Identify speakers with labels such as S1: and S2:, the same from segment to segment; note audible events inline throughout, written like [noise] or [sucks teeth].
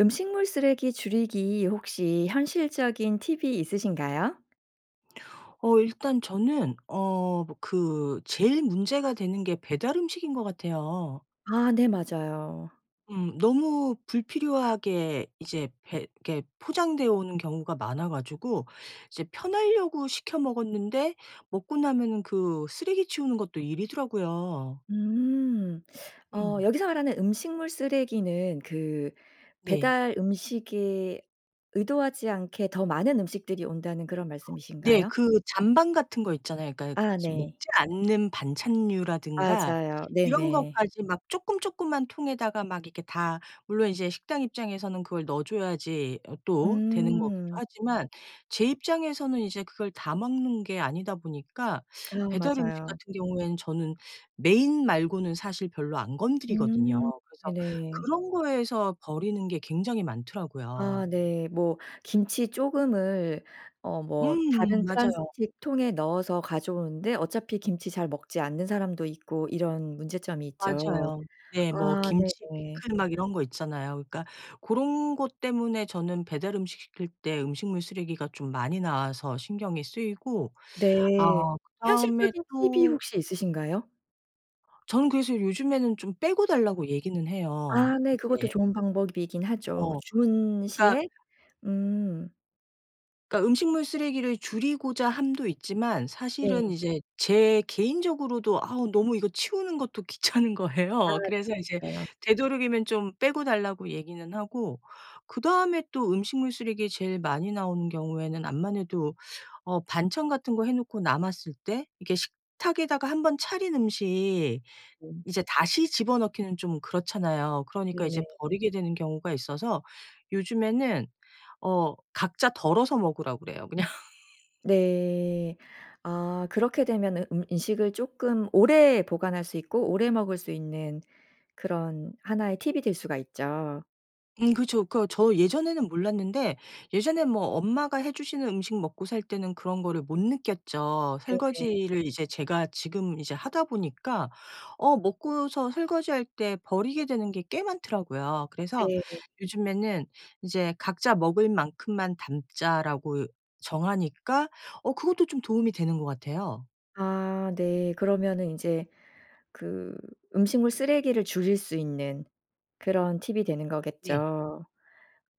S1: 음식물 쓰레기 줄이기 혹시 현실적인 팁이 있으신가요?
S2: 어 일단 저는 어 뭐 그 제일 문제가 되는 게 배달 음식인 것 같아요.
S1: 아 네 맞아요.
S2: 음 너무 불필요하게 이제 배 이렇게 포장되어 오는 경우가 많아 가지고 이제 편하려고 시켜 먹었는데 먹고 나면은 그 쓰레기 치우는 것도 일이더라고요.
S1: 음. [sucks teeth] 어
S2: 음.
S1: 여기서 말하는 음식물 쓰레기는 그
S2: 네.
S1: 배달 음식이 의도하지 않게 더 많은 음식들이 온다는 그런
S2: 네
S1: 말씀이신가요?
S2: 그 잔반 같은 것 있잖아요. 그러니까
S1: 아
S2: 이제
S1: 네.
S2: 먹지 않는 반찬류라든가
S1: 맞아요.
S2: 이런
S1: 네네.
S2: 것까지 막 쪼끔 쪼끄만 통에다가 막 이렇게 다 물론 이제 식당 입장에서는 그걸 넣어줘야지 어 또 되는 거기도
S1: 음.
S2: 하지만 제 입장에서는 이제 그걸 다 먹는 게 아니다 보니까
S1: 아
S2: 배달 음식
S1: 맞아요.
S2: 같은 경우에는 저는 메인 말고는 사실 별로 안 건드리거든요.
S1: 음.
S2: 그래서
S1: 네네.
S2: 그런 거에서 버리는 게 굉장히
S1: 아
S2: 많더라고요.
S1: 네. 뭐 김치 조금을 어 뭐
S2: 음음.
S1: 다른
S2: 맞아요.
S1: 플라스틱 통에 넣어서 가져오는데 어차피 김치 잘 먹지 않는 사람도 있고 이런 문제점이 있죠.
S2: 맞아요. 네. 뭐
S1: 아
S2: 김치,
S1: 네네.
S2: 피클 막 이런 것 있잖아요. 그러니까 고런 것 때문에 저는 배달 음식 시킬 때 음식물 쓰레기가 좀 많이 나와서 신경이 쓰이고
S1: 네.
S2: 어 그다음에
S1: 현실적인 팁이
S2: 또
S1: 혹시 있으신가요?
S2: 저는 그래서 요즘에는 좀 빼고 달라고 얘기는 해요.
S1: 아 네 그것도
S2: 이제
S1: 좋은 방법이기는 하죠.
S2: 어.
S1: 주문
S2: 그러니까
S1: 시에 음.
S2: 그러니까 음식물 쓰레기를 줄이고자 함도 있지만 사실은
S1: 네.
S2: 이제 제 개인적으로도 아우 너무 이거 치우는 것도 귀찮은
S1: 아
S2: 거예요.
S1: 네
S2: 그래서 이제
S1: 그래요?
S2: 되도록이면 좀 빼고 달라고 얘기는 하고 그다음에 또 음식물 쓰레기 제일 많이 나오는 경우에는 암만해도 어 반찬 같은 거 해 놓고 남았을 때 이게 식탁에다가 1 번 차린 음식
S1: [unintelligible]
S2: 이제 다시 집어넣기는 좀 그렇잖아요. 그러니까 이제
S1: 네네.
S2: 버리게 되는 경우가 있어서 요즘에는 어 각자 덜어서 먹으라고 그래요 그냥.
S1: 네. 아 그렇게 되면은 음 음식을 쪼끔 오래 보관할 수 있고 오래 먹을 수 있는 그런 하나의 팁이 될 수가 있죠.
S2: 음 그렇죠.그거 저 예전에는 몰랐는데 예전엔 뭐 엄마가 해 주시는 음식 먹고 살 때는 그런 거를 못 느꼈죠.
S1: 네 네.
S2: 설거지를 이제 제가 지금 이제 하다 보니까 어 먹고서 설거지할 때 버리게 되는 게 꽤 많더라고요. 그래서
S1: 네.
S2: 요즘에는 이제 '각자 먹을 만큼만 담자.'라고 이 정하니까 어 그것도 좀 도움이 되는 것 같아요.
S1: 아 네. 그러면은 인제 그 음식물 쓰레기를 줄일 수 있는 그런 팁이 되는
S2: 네.
S1: 거겠죠.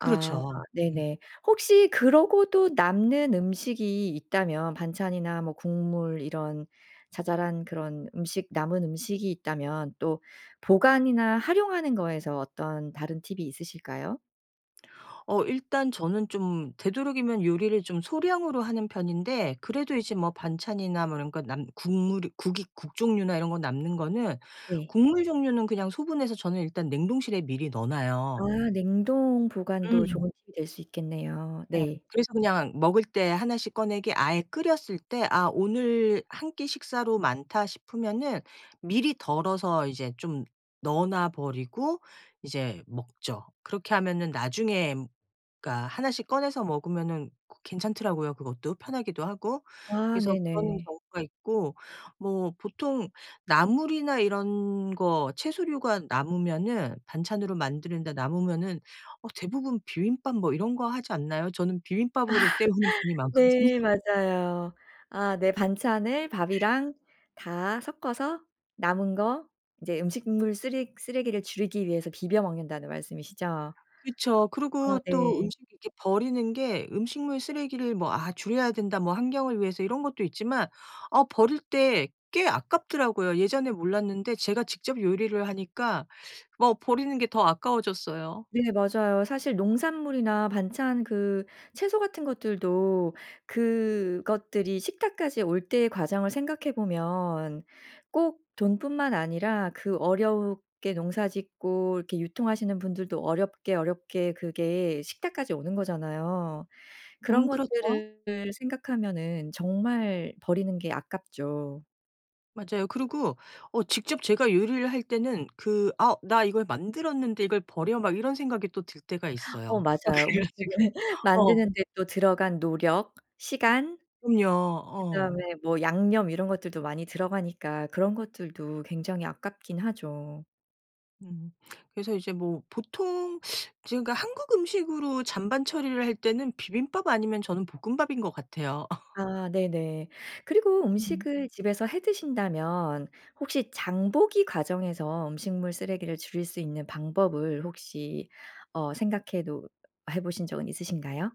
S1: 아
S2: 그렇죠. 음.
S1: 네네. 혹시 그러고도 남는 음식이 있다면 반찬이나 뭐 국물 이런 자잘한 그런 음식, 남은 음식이 있다면 또 보관이나 활용하는 거에서 어떤 다른 팁이 있으실까요?
S2: 어 일단 저는 좀 되도록이면 요리를 좀 소량으로 하는 편인데 그래도 이제 뭐 반찬이나 뭐 이런 거 남 국물이 국이 국 종류나 이런 거 남는 거는
S1: 네.
S2: 국물 종류는 그냥 소분해서 저는 일단 냉동실에 미리 넣어
S1: 아
S2: 놔요.
S1: 냉동 보관도
S2: 음.
S1: 좋은 팁이 될 수 있겠네요.
S2: 네.
S1: 네.
S2: 그래서 그냥 먹을 때 1 씩 꺼내게 아예 끓였을 때 '아 오늘 1 끼 식사로 많다.' 싶으면은 미리 덜어서 이제 좀 넣어 놔 버리고 이제 먹죠. 그렇게 하면은 나중에 그러니까 1 씩 꺼내서 먹으면은 고 괜찮더라고요 그것도 편하기도 하고.
S1: 아
S2: 그래서 그런
S1: 네네.
S2: 경우가 있고 뭐 보통 나물이나 이런 거 채소류가 남으면은 반찬으로 만들다 남으면은 어 대부분 비빔밥 뭐 이런 거 하지 않나요? 저는
S1: 아.
S2: 비빔밥으로 떼우는 편이 많거든요.
S1: 네 맞아요. 아 네. 반찬을 밥이랑 다 섞어서 남은 거 이제 음식물 쓰레 쓰레기를 줄이기 "위해서 비벼 먹는다."는 말씀이시죠?
S2: 그쵸.
S1: 아
S2: 그러고 또
S1: 네.
S2: 음식 이렇게 버리는 게 음식물 쓰레기를 뭐 '아 줄여야 된다.' 뭐 환경을 위해서 이런 것도 있지만 아 버릴 때 꽤 아깝더라고요. 예전에 몰랐는데 제가 직접 요리를 하니까 뭐 버리는 게 더 아까워졌어요.
S1: 네 맞아요. 사실 농산물이나 반찬, 그 채소 같은 것들도 그것들이 식탁까지 올 때의 과정을 생각해 보면 꼭 돈뿐만 아니라 그 어렵게 농사 짓고 이렇게 유통하시는 분들도 어렵게, 어렵게 그게 식탁까지 오는 거잖아요. 그런
S2: 음 그렇죠.
S1: 것들을 생각하면은 정말 버리는 게 아깝죠.
S2: 맞아요. 그러고 어 직접 제가 요리를 할 때는 그 '아 나 이걸 만들었는데 이걸 버려?' 막 이런 생각이 또 들 때가
S1: [gasps] 어
S2: 있어요. 어
S1: 맞아요.
S2: 그래
S1: 음식을
S2: 가지고 어.
S1: 만드는데 또 들어간 노력, 시간,
S2: 음요. 어.
S1: 그다음에 뭐 양념 이런 것들도 많이 들어가니까 그런 것들도 굉장히 아깝긴 하죠.
S2: 음. 그래서 이제 뭐 보통 지금 그러니까 한국 음식으로 잔반 처리를 할 때는 비빔밥 아니면 저는 볶음밥인 것 같아요. [laughs]
S1: 아. 네네. 그리고
S2: 음.
S1: 음식을 집에서 해 드신다면 혹시 장보기 과정에서 음식물 쓰레기를 줄일 수 있는 방법을 혹시 어 생각해 놓 해 보신 적은 있으신가요?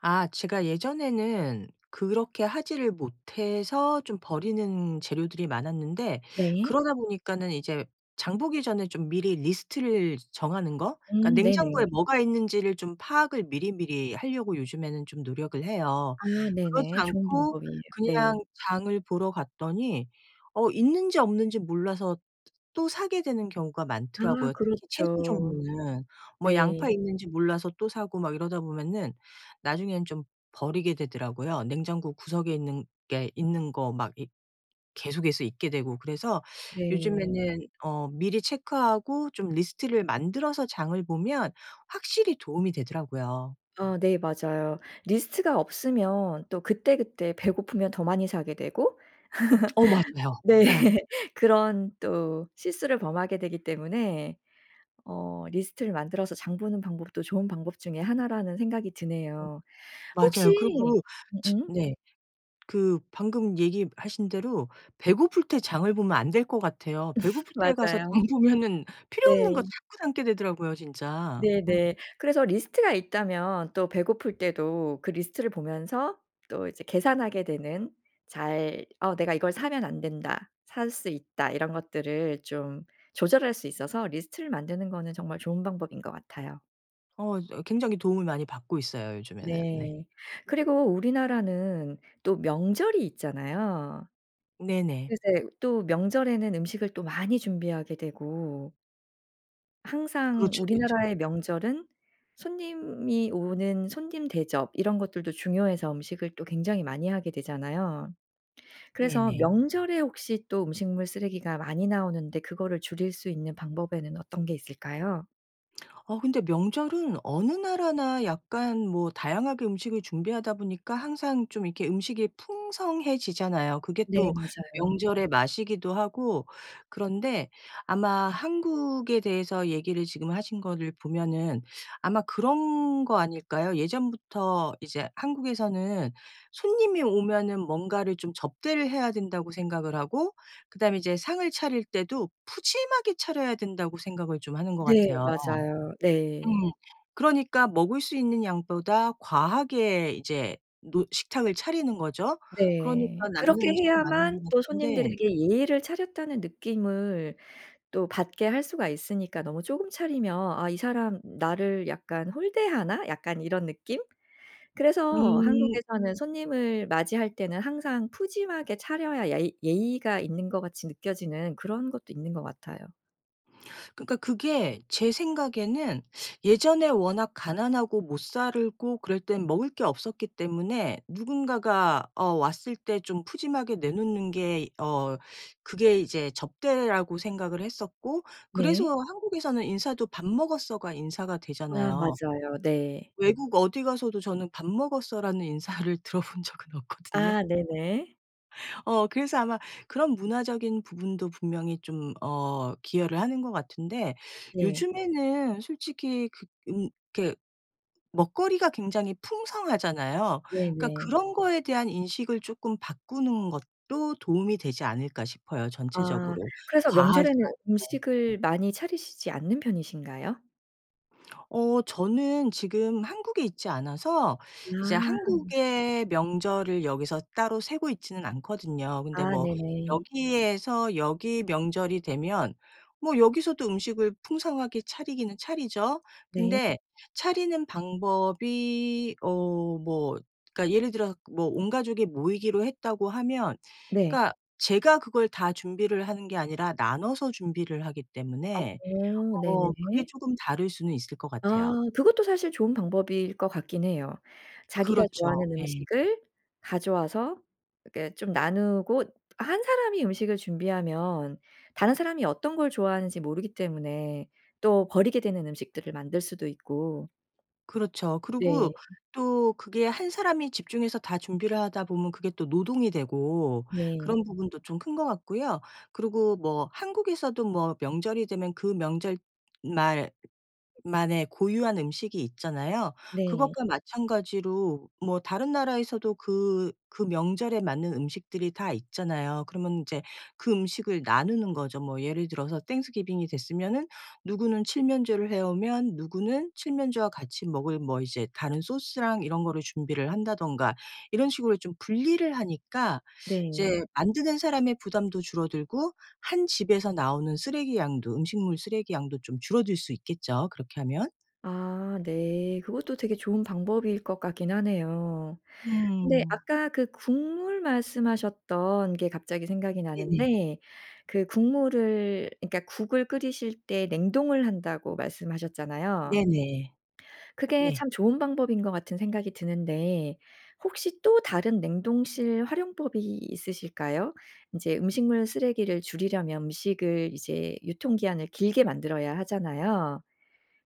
S2: 아. 제가 예전에는 그렇게 하지를 못해서 좀 버리는 재료들이 많았는데
S1: 네.
S2: 그러다 보니까는 이제 장 보기 전에 좀 미리 리스트를 정하는 거? 그러니까
S1: 음 네네.
S2: 냉장고에 뭐가 있는지를 좀 파악을 미리미리 하려고 요즘에는 좀 노력을 해요.
S1: 아.
S2: 그러지
S1: 네네. 좋은
S2: 않고
S1: 방법이에요. 네.
S2: 그냥 장을 보러 갔더니 어 있는지 없는지 몰라서 또 사게 되는 경우가
S1: 아.
S2: 많더라고요 특히 채소
S1: 그렇죠.
S2: 종류는. 뭐
S1: 네.
S2: 양파 있는지 몰라서 또 사고 막 이러다 보면은 나중에는 좀 버리게 되더라고요. 냉장고 구석에 있는 게 있는 거 막 이 계속해서 있게 되고 그래서
S1: 네.
S2: 요즘에는 어 미리 체크하고 좀 리스트를 만들어서 장을 보면 확실히 도움이 되더라고요.
S1: 어 네 맞아요. 리스트가 없으면 또 그때그때 배고프면 더 많이 사게 되고
S2: 어 맞아요.
S1: [laughs] 네
S2: 어.
S1: [laughs] 그런 또 실수를 범하게 되기 때문에 어 리스트를 만들어서 장 보는 방법도 좋은 방법 중에 하나라는 생각이
S2: 어
S1: 드네요. 혹시
S2: 맞아요. 그리고
S1: 음
S2: 집
S1: 음?
S2: 네. 그 방금 얘기하신 대로 배고플 때 장을 보면 안 될 것 같아요.
S1: [laughs]
S2: 배고플 때 가서
S1: 맞아요.
S2: 장 보면은 필요 없는 것
S1: 네.
S2: 자꾸 담게 되더라고요 진짜. 음.
S1: 네네. 그래서 리스트가 있다면 또 배고플 때도 그 리스트를 보면서 또 이제 계산하게 되는 잘 '어 내가 이걸 사면 안 된다.', '살 수 있다.' 이런 것들을 좀 조절할 수 있어서 리스트를 만드는 거는 정말 좋은 방법인 것 같아요.
S2: 어 저 굉장히 도움을 많이 받고 있어요 요즘에는. 네.
S1: 네. 그리고 우리나라는 또 명절이 있잖아요.
S2: 네네.
S1: 글쎄 또 명절에는 음식을 또 많이 준비하게 되고 항상
S2: 그렇죠, 그렇죠.
S1: 우리나라의 명절은 손님이 오는 손님 대접 이런 것들도 중요해서 음식을 또 굉장히 많이 하게 되잖아요. 그래서
S2: 네네.
S1: 명절에 혹시 또 음식물 쓰레기가 많이 나오는데 그거를 줄일 수 있는 방법에는 어떤 게 있을까요?
S2: [smacks lips] 어 근데 명절은 어느 나라나 약간 뭐 다양하게 음식을 준비하다 보니까 항상 좀 이렇게 음식이 풍성해지잖아요. 그게
S1: 네
S2: 또
S1: 맞아요.
S2: 명절의 맛이기도 하고. 그런데 아마 한국에 대해서 얘기를 지금 하신 거를 보면은 아마 그런 거 아닐까요? 예전부터 이제 한국에서는 '손님이 오면은 뭔가를 좀 접대를 해야 된다.'고 생각을 하고 그 다음에 이제 상을 차릴 때도 '푸짐하게 차려야 된다.'고 생각을 좀 하는 것
S1: 네
S2: 같아요.
S1: 맞아요
S2: 음.
S1: 네.
S2: 그러니까 먹을 수 있는 양보다 과하게 이제 노 식탁을 차리는 거죠. 그러니까
S1: 네.
S2: 남는
S1: 그렇게
S2: 음식이 많은
S1: 해야만
S2: 것
S1: 또
S2: 같은데
S1: '손님들에게 예의를 차렸다.'는 느낌을 또 받게 할 수가 있으니까. 너무 쪼금 차리면 '아 이 사람 나를 약간 홀대하나?' 약간 이런 느낌? 그래서
S2: 음.
S1: 한국에서는 손님을 맞이할 때는 항상 푸짐하게 차려야 야이 예의가 있는 것 같이 느껴지는 그런 것도 있는 것 같아요.
S2: 그러니까 그게 제 생각에는 예전에 워낙 가난하고 못 살고 그럴 땐 먹을 게 없었기 때문에 누군가가 어 왔을 때 좀 푸짐하게 내놓는 게 어 그게 이제 접대라고 생각을 했었고 그래서
S1: 네.
S2: 한국에서는 인사도 "밥 먹었어?"가 인사가
S1: 아
S2: 되잖아요.
S1: 맞아요. 네.
S2: 외국 어디 가서도 저는 "밥 먹었어."라는 인사를 들어본 적은 없거든요.
S1: 아 네네.
S2: 어 그래서 아마 그런 문화적인 부분도 분명히 좀 어 기여를 하는 것 같은데
S1: 네.
S2: 요즘에는 솔직히 그 음 그렇게 먹거리가 굉장히 풍성하잖아요. 그러니까
S1: 네네.
S2: '그런 거에 대한 인식을 쪼끔 바꾸는 것도 도움이 되지 않을까.' 싶어요.
S1: 아.
S2: 전체적으로
S1: 그래서
S2: 과하지
S1: 명절에는
S2: 않게.
S1: 음식을 많이 차리시지 않는 편이신가요?
S2: 어 저는 지금 한국에 있지 않아서 이제
S1: 아.
S2: 한국의 명절을 여기서 따로 쇠고 있지는 않거든요. 근데
S1: 아
S2: 뭐
S1: 네네.
S2: 여기에서 여기 명절이 되면 뭐 여기서도 음식을 풍성하게 차리기는 차리죠.
S1: 네.
S2: 근데 차리는 방법이 어 뭐 그러니까 예를 들어 뭐 온 가족이 모이기로 했다고 하면
S1: 네.
S2: 그러니까 제가 그걸 다 준비를 하는 게 아니라 나눠서 준비를 하기
S1: 아
S2: 때문에
S1: 오
S2: 어
S1: 네네.
S2: 그게 쪼금 다를 수는 있을 것
S1: 아
S2: 같아요.
S1: 그것도 사실 좋은 방법일 것 같기는 해요. 자기가
S2: 그렇죠.
S1: 좋아하는
S2: 예.
S1: 음식을 가져와서 이렇게 좀 나누고 1 사람이 음식을 준비하면 다른 사람이 어떤 걸 좋아하는지 모르기 때문에 또 버리게 되는 음식들을 만들 수도 있고
S2: 그렇죠.
S1: 네.
S2: 그리고 또 그게 1 사람이 집중해서 다 준비를 하다 보면 그게 또 노동이 되고
S1: 네.
S2: 그런 부분도 좀 큰 거 같고요 그리고 뭐 한국에서도 뭐 명절이 되면 그 명절 말 만의 고유한 음식이 있잖아요.
S1: 네.
S2: 그것과 마찬가지로 뭐 다른 나라에서도 그 그 명절에 맞는 음식들이 다 있잖아요. 그러면 인제 그 음식을 나누는 거죠. 뭐 예를 들어서 땡스 기빙이 됐으면은 누구는 칠면조를 해 오면 누구는 칠면조와 같이 먹을 뭐 이제 다른 소스랑 이런 거를 준비를 한다든가 이런 식으로 좀 분리를 하니까
S1: 네.
S2: 이제 만드는 사람의 부담도 줄어들고 1 집에서 나오는 쓰레기 양도 음식물 쓰레기 양도 좀 줄어들 수 있겠죠 그렇게 하면.
S1: 아 네. 그것도 되게 좋은 방법일 것 같기는 하네요. 근데
S2: 음.
S1: 아까 그 국물 말씀하셨던 게 갑자기 생각이
S2: 네네.
S1: 나는데 그 국물을 그러니까 "국을 끓이실 때 냉동을 한다."고 말씀하셨잖아요.
S2: 네네.
S1: 그게
S2: 네.
S1: 참 좋은 방법인 것 같은 생각이 드는데 혹시 또 다른 냉동실 활용법이 있으실까요? 인제 음식물 쓰레기를 줄이려면 음식을 이제 유통기한을 길게 만들어야 하잖아요.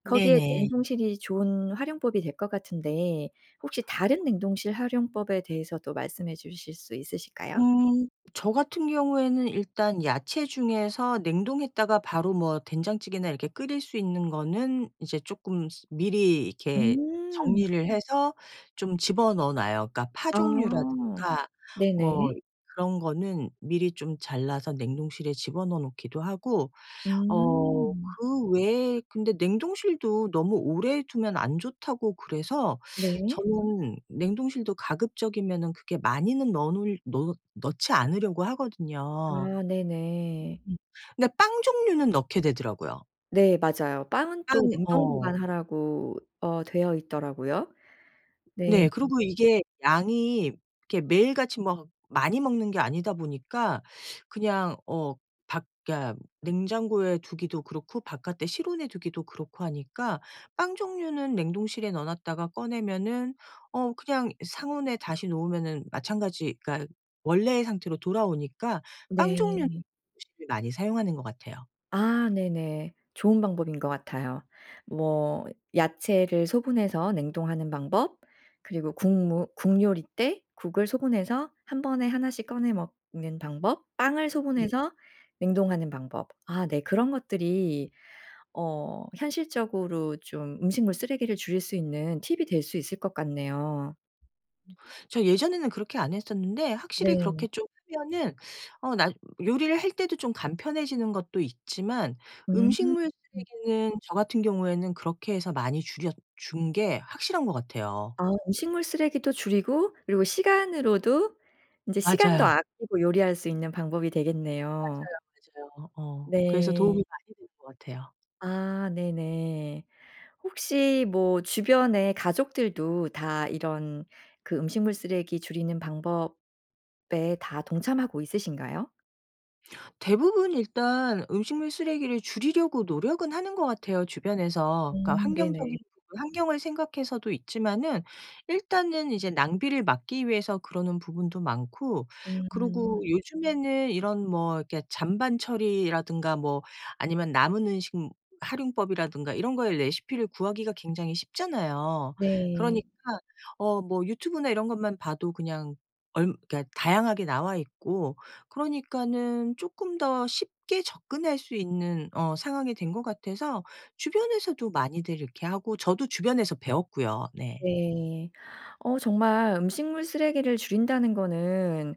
S1: 거기에
S2: 네네.
S1: 냉동실이 좋은 활용법이 될 것 같은데 혹시 다른 냉동실 활용법에 대해서도 말씀해 주실 수 있으실까요?
S2: 음 저 같은 경우에는 일단 야채 중에서 냉동했다가 바로 뭐 된장찌개나 이렇게 끓일 수 있는 거는 이제 쪼끔 스 미리 이렇게
S1: 음.
S2: 정리를 해서 좀 집어넣어 놔요. 그러니까 파
S1: 아.
S2: 종류라든가
S1: 네네.
S2: 뭐 그런 거는 미리 좀 잘라서 냉동실에 집어넣어 놓기도 하고 어
S1: 음.
S2: 그 외에 근데 냉동실도 너무 오래 두면 안 좋다고 그래서
S1: 네.
S2: 저는 냉동실도 가급적이면은 그렇게 많이는 넣어 놓을 놓 넣지 않으려고 하거든요.
S1: 아 네네.
S2: 음 그니까 빵 종류는 넣게 되더라고요.
S1: 네 맞아요. 빵은
S2: 빵
S1: 또 냉동
S2: 어.
S1: 보관하라고 어 되어 있더라고요. 네.
S2: 네. 그리고 이게 양이 이게 매일같이 막 많이 먹는 게 아니다 보니까 그냥 어 밖 그니까 냉장고에 두기도 그렇고 바깥에 실온에 두기도 그렇고 하니까 빵 종류는 냉동실에 넣어 놨다가 꺼내면은 어 그냥 상온에 다시 놓으면은 마찬가지 그러니까 원래 상태로 돌아오니까 빵 종류
S1: 네.
S2: [unintelligible] 을 많이 사용하는 것 같아요.
S1: 아 네네. 좋은 방법인 것 같아요. 뭐 야채를 소분해서 냉동하는 방법, 그리고 국 무 국 요리 때 국을 소분해서 1 번에 1 씩 꺼내 먹는 방법, 빵을
S2: 네.
S1: 소분해서 냉동하는 방법 아 네 그런 것들이 어 현실적으로 좀 음식물 쓰레기를 줄일 수 있는 팁이 될 수 있을 것 같네요.
S2: 저 예전에는 그렇게 안 했었는데 확실히 그렇게
S1: 네.
S2: 좀 하면은 어 나 요리를 할 때도 좀 간편해지는 것도 있지만
S1: 음.
S2: 음식물 쓰레기는 저 같은 경우에는 그렇게 해서 많이 줄여 준 게 확실한 것 같아요.
S1: 아 음식물 쓰레기도 줄이고 그리고 시간으로도 이제 시간도
S2: 맞아요.
S1: 아끼고 요리할 수 있는 방법이 되겠네요.
S2: 맞아요, 맞아요. 어어. 그래서 도움이
S1: 네.
S2: 많이 되는 것 같아요.
S1: 아 네네. 혹시 뭐 주변에 가족들도 다 이런 그 음식물 쓰레기 줄이는 방법에 다 동참하고 있으신가요?
S2: 대부분 일단 음식물 쓰레기를 줄이려고 노력은 하는 것 같아요 주변에서. 그러니까
S1: 음.
S2: 환경적인
S1: 네네.
S2: 부분 환경을 생각해서도 있지만은 일단은 이제 낭비를 막기 위해서 그러는 부분도 많고 그리고
S1: 음.
S2: 요즘에는 이런 뭐 이렇게 잔반 처리라든가 뭐 아니면 남은 음식 무 활용법이라든가 이런 거에 레시피를 구하기가 굉장히 쉽잖아요.
S1: 네.
S2: 그러니까 어 뭐 유튜브나 이런 것만 봐도 그냥 얾 그러니까 다양하게 나와 있고 그러니까는 쪼끔 더 쉽게 접근할 수 있는 어 상황이 된 것 같아서 주변에서도 많이들 이렇게 하고 저도 주변에서 배웠고요, 네.
S1: 네. 어 정말 음식물 쓰레기를 줄인다는 거는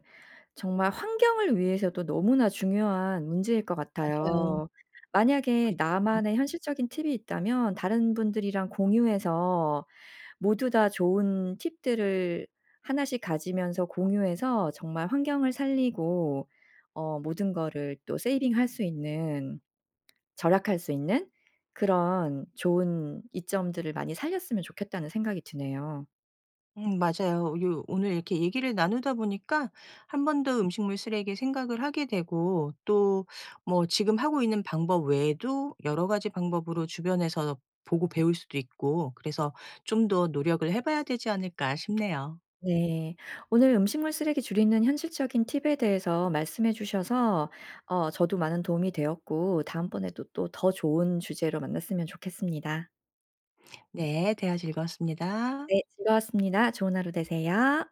S1: 정말 환경을 위해서도 너무나 중요한 문제일 것
S2: 맞아요.
S1: 같아요. 만약에
S2: 그쵸.
S1: 나만의 현실적인 팁이 있다면 다른 분들이랑 공유해서 모두 다 좋은 팁들을 하나씩 가지면서 공유해서 정말 환경을 살리고 어 모든 거를 또 세이빙 할 수 있는 절약할 수 있는 그런 좋은 이점들을 많이 살렸으면 좋겠다는 생각이 드네요.
S2: 음 맞아요. 요 오늘 이렇게 얘기를 나누다 보니까 한번 더 음식물 쓰레기 생각을 하게 되고 또 뭐 지금 하고 있는 방법 외에도 여러 가지 방법으로 주변에서 보고 배울 수도 있고 그래서 '좀 더 노력을 해 봐야 되지 않을까?' 싶네요.
S1: 네. 오늘 음식물 쓰레기 줄이는 현실적인 팁에 대해서 말씀해 주셔서 어 저도 많은 도움이 되었고 다음번에 또 또 더 좋은 주제로 만났으면 좋겠습니다.
S2: 네. 대화 즐거웠습니다.
S1: 네. 즐거웠습니다. 좋은 하루 되세요.